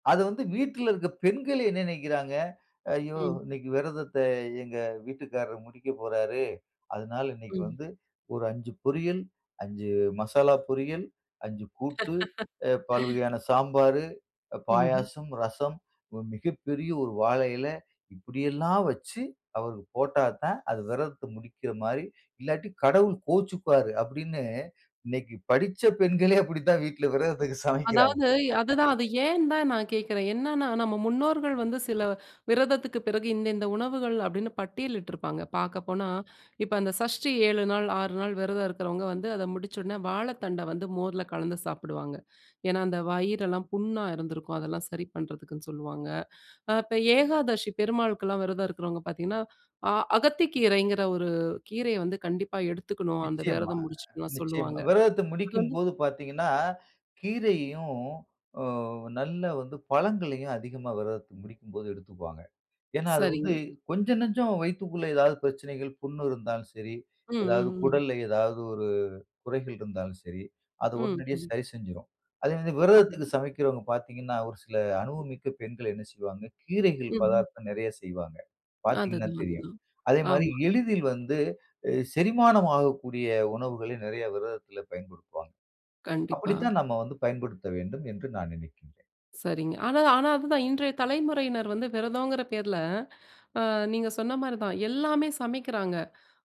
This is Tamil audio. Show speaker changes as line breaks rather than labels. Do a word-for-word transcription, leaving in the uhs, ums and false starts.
அத வந்து வீட்ல இருக்கிற பெண்கள் என்ன நெனைக்கிறாங்க, "ஐயோ
ம்.
இன்னைக்கு விரதத்த எங்க வீட்டுக்காரர் முடிக்க போறாரு. அதனால இன்னைக்கு
ம்.
வந்து ஒரு அஞ்சு பொரியல், அஞ்சு மசாலா பொரியல், அஞ்சு கூட்டு, அ பல்வகையான சாம்பார்,
ம்ஹ்ம்.
பாயாசம், ரசம், மிகப்பெரிய ஒரு வாழை இலை இப்டியெல்லாம் வச்சு அவருக்கு போட்டா தான் அது விரதத்த முடிக்கிற மாரி இல்லாட்டி கடவுள் கோவிச்சுக்குவாரு." அப்டின்னு இன்னைக்கு படிச்ச பெண்களே அப்டித்தான் வீட்ல விரதத்துக்கு சமைக்கிறாங்க.
அதாவது அதுதான் அது ஏன் தான் நான் கேட்கிறேன். என்னன்னா நம்ம முன்னோர்கள் வந்து சில விரதத்துக்கு பிறகு இந்த இந்த உணவுகள் அப்டின்னு பட்டியலிட்டிருப்பாங்க பார்க்கப்போனா, இப்ப அந்த சஷ்டி ஏழு நாள் ஆறு நாள் விரதம் இருக்கிறவங்க வந்து அத முடிச்சோனே வாழைத்தண்ட வந்து மோர்ல கலந்து சாப்டுவாங்க. ஏன்னா அந்த வயிறெல்லாம் புண்ணா இருந்திருக்கும் அதெல்லாம் சரி பண்ணுறதுக்குன்னு சொல்லுவாங்க. ஆ இப்ப ஏகாதசி பெருமாளுக்குலாம் விரதம் இருக்கிறவங்க பார்த்தீங்கன்னா, ஆ அகத்தி கீரைங்கிற ஒரு கீரைய வந்து கண்டிப்பா எடுத்துக்கணும். அந்த
நிச்சியமா,
விரதம் முடிச்சுட்டுலாம்
நிச்சியமா.
சொல்லுவாங்க.
விரதத்த
அது வந்து
முடிக்கும்போது பார்த்தீங்கன்னா, கீரையையும் அ நல்ல வந்து பழங்களையும் அதிகமா விரதத்த முடிக்கும் போது எடுத்துக்குவாங்க. ஏன்னா அது வந்து
சரிங்க.
கொஞ்சம், நஞ்சம் வயித்துக்குள்ள ஏதாவது பிரச்சனைகள் புண் இருந்தாலும் சரி
ம்,
எதாவது
ம், ம்.
குடல்ல ஏதாவது ஒரு குறைகள் இருந்தாலும் சரி, அத
ம்,
உடனடியா
ம்.
சரி செஞ்சுரும். அதே
அது
விரதத்துக்கு சமைக்கிறவங்க பார்த்தீங்கன்னா ஒரு சில அனுபவமிக்க பெண்கள் என்ன செய்வாங்க கீரைகள்
ம்ஹ்ம்.
பதார்த்தம் நெறைய செய்வாங்க. பார்த்தீங்கன்னா
அதுதான்,
தெரியும்.
அதுதான்,
அதே மாரி
ஆமா.
எளிதில் வந்து செரிமானம் ஆகக்கூடிய உணவுகளை நெறைய விரதத்தில பயன்படுத்துவாங்க.
கண்டிப்பா.
அப்டித்தான் நம்ம வந்து பயன்படுத்தணும்ன்னு நான் நெனைக்கிறேன்.
சரிங்க. ஆனா அதுதான் இன்றைய தலைமுறையினர் வந்து விரதம்ங்கிற பேர்ல ஆ நீங்க சொன்ன மாரி தான் எல்லாமே சமைக்கிறாங்க.